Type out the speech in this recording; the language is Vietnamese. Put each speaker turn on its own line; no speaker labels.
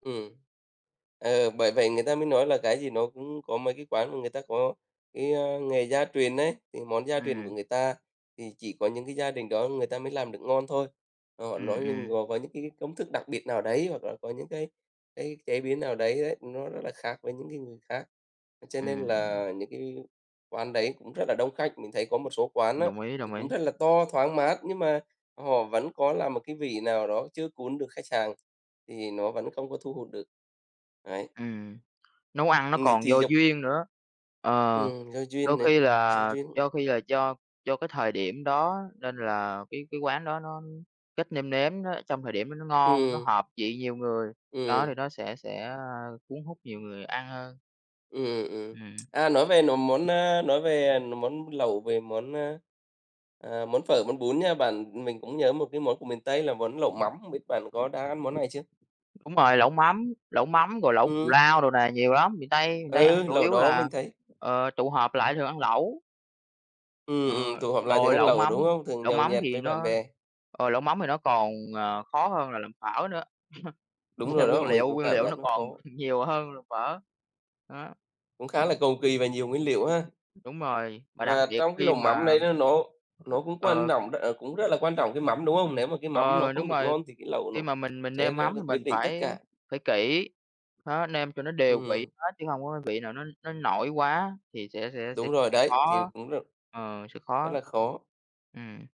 Ừm. Ờ, bởi vậy người ta mới nói là cái gì nó cũng có mấy cái quán mà người ta có cái, a, nghề gia truyền ấy, thì món gia truyền của
Ừm.
người ta thì chỉ có những cái gia đình đó người ta mới làm được ngon thôi. Ờ, nó
Ừm,
nhưng
ừm.
gồm có những cái công thức đặc biệt nào đấy, hoặc là có những cái cái chế biến nào đấy đấy, nó rất là khác với những cái người khác, cho nên
Ừm.
là những cái quán đấy cũng rất là đông khách. Mình thấy có một số quán á
Đồng ý,
thì
đồng
cũng
ý.
rất là to, thoáng mát, nhưng mà họ vẫn có làm một cái vị nào đó chưa cuốn được khách hàng, thì nó vẫn không có thu hút được. Đấy.
Ừm, nấu ăn nó
Ừm, thì
còn
thì
do
giống
duyên nữa. Ờ,
Ừm, do
đôi
duyên này,
khi
do
là
duyên.
do khi là do do cái thời điểm đó, nên là cái cái quán đó nó cách nêm nếm đó, trong thời điểm đó nó ngon, nó
Ừm.
hợp vị nhiều người, đó, thì
Ừm.
nó sẽ sẽ, a, cuốn hút nhiều người ăn hơn.
Ừm, ừm.
Ừm.
À, nói về nó món, a, nói về, à, n món lẩu, về món, a, à, món phở, món bún nha bạn, mình cũng nhớ một cái món của miền Tây là món lẩu mắm, hông biết bạn có đã ăn món này chưa?
Đúng rồi, lẩu mắm, lẩu mắm, rồi lẩu cù
Ừm.
lao đồ này, nhiều lắm. Miền Tây, miền Tây ăn
Ừ,
chủ
lẩu
yếu
đó
là,
mình thấy
ờ, tụ họp lại thường ăn lẩu.
Ừm,
Ờ,
ừm, tụ họp lại thường
rồi
ăn
lẩu
lẩu,
mắm
đúng hông? Thường
lẩu
nhậu
mắm
nhẹt
thì
với bạn
nó
bè.
ờ, lẩu mắm thì nó còn, à, khó hơn là làm phở nữa,
Đúng
về
rồi đó,
nguyên
mình
liệu
cũng
nguyên
cảm
liệu
giác
nó
nó
còn
khó.
nhiều hơn là phở. Đó.
Cũng khá là cầu kỳ và nhiều nguyên liệu ha.
Đúng rồi, mà đặc
Và
biệt
trong cái
khi
lẩu mắm
mà
đấy là nó nó cũng quan
Ờ.
nọng đ à, cũng rất là quan trọng cái mắm, đúng hông? Nếu mà cái mắm nó
Ờ,
không
đúng
được
rồi.
ngon thì cái lẩu nó
Khi mà mình mình
sẽ
nêm mắm
r
thì mình
quyết định tất
phải
cả.
phải kỹ, đó, nêm cho nó đều vị
Ừm.
hết chứ hông có cái vị nào nó nó nổi quá thì sẽ sẽ sẽ
Đúng rồi
sẽ
đấy, thì
khó
cũng rất
ờ, sẽ
rất
khó.
là khó.
Ừm.